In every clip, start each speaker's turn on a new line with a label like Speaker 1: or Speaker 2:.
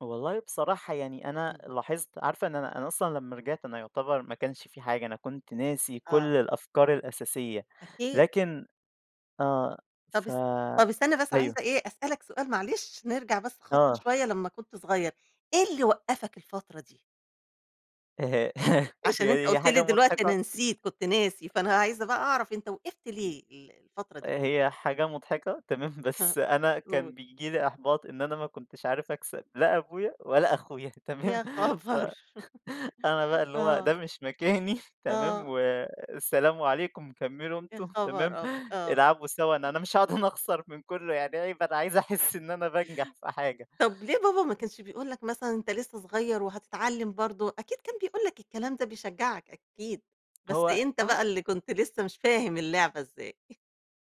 Speaker 1: والله بصراحة يعني أنا
Speaker 2: إمم.
Speaker 1: لاحظت عارفة إن أنا أنا أصلًا لمّا رجعت أنا يُعتبر ما كانش في حاجة أنا كنت ناسي كل
Speaker 2: آه.
Speaker 1: الأفكار الأساسية
Speaker 2: أكيد.
Speaker 1: لكن آه،
Speaker 2: طب
Speaker 1: ف
Speaker 2: اس طب استنى بس عايزة
Speaker 1: أيوه.
Speaker 2: إيه أسألك سؤال معلش، نرجع بس خطوة
Speaker 1: آه.
Speaker 2: شوية لمّا كنت صغيّر، إيه اللي وقّفك الفترة دي؟ عشان أنت
Speaker 1: يعني هي
Speaker 2: قُلت لي
Speaker 1: حاجة
Speaker 2: دلوقتي: "أنا
Speaker 1: مضحكة.
Speaker 2: نسيت، كنت ناسي"، فأنا عايزة بقى اعرف أنت وقِفت ليه ال الفترة دي كلّها؟
Speaker 1: هي حاجة مضحكة، تمام
Speaker 2: ها،
Speaker 1: بس أنا كان
Speaker 2: قُل.
Speaker 1: بييجي لي إحباط إن أنا ما كنتش عارف اكسب لا أبويا ولا أخويا تمام؟
Speaker 2: يا
Speaker 1: ف
Speaker 2: خبر!
Speaker 1: أنا بقى اللي هو
Speaker 2: آه.
Speaker 1: ده مش مكاني، تمام،
Speaker 2: آه.
Speaker 1: والسلام عليكم كمّلوا
Speaker 2: يا
Speaker 1: أنتم تمام؟
Speaker 2: خبر أب آه.
Speaker 1: العبوا سوا أنا أنا مش هاقعُد أنا اخسر من كلّه يعني عيب أنا عايز احس إن أنا بانجح في حاجة.
Speaker 2: طب ليه بابا ما كانش بيقول لك مثلًا أنت لسه صغيّر وهتتعلم برضه، أكيد كان بيقول لك الكلام ده بيشجعك أكيد، بس
Speaker 1: هو
Speaker 2: أنت بقى
Speaker 1: آه
Speaker 2: اللي كنت لسه مش فاهم اللعبة ازاي.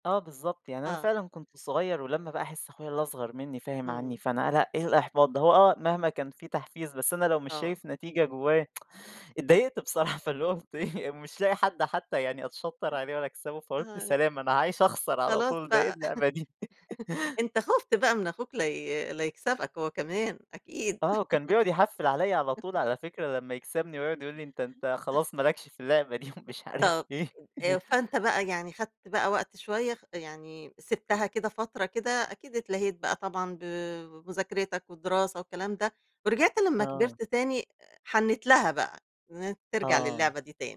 Speaker 1: آه بالضبط، يعني أنا
Speaker 2: آه.
Speaker 1: فعلًا كنت صغيّر ولمّا بقى احس أخويا اللي اصغر منّي فاهم عنّي،
Speaker 2: إمم.
Speaker 1: فأنا لأ إيه الإحباط ده هو آه مهما كان في تحفيز بس أنا لو مش
Speaker 2: آه.
Speaker 1: شايف نتيجة جوايا، اتضايقت بصراحة فاللي هو كنت إيه مش لاقي حد حتى يعني أتشطّر عليه ولا اكسبه فقُلت
Speaker 2: آه.
Speaker 1: سلام أنا عايش اخسر على
Speaker 2: خلاص
Speaker 1: طول ده إيه
Speaker 2: بقى
Speaker 1: اللعبة دي.
Speaker 2: أنت خُفت بقى من أخوك لا ي لا يكسبك هو كمان أكيد.
Speaker 1: آه، كان بيقعُد يحفِّل عليّا على طول على فكرة لمّا يكسبني، ويقعُد يقول لي: "أنت أنت خلاص ما لكش في اللعبة دي" ومش عارف
Speaker 2: طب
Speaker 1: إيه.
Speaker 2: آآ، فأنت بقى يعني خدت بقى وقت شوية خ يعني سِبتها كده فترة كده أكيد اتلاهيت بقى طبعًا ب بمذاكرتك والدراسة والكلام ده، ورجعت لمّا
Speaker 1: آه.
Speaker 2: كبرت تاني حنيت لها بقى إن أنت ترجع
Speaker 1: آه.
Speaker 2: للعبة دي تاني.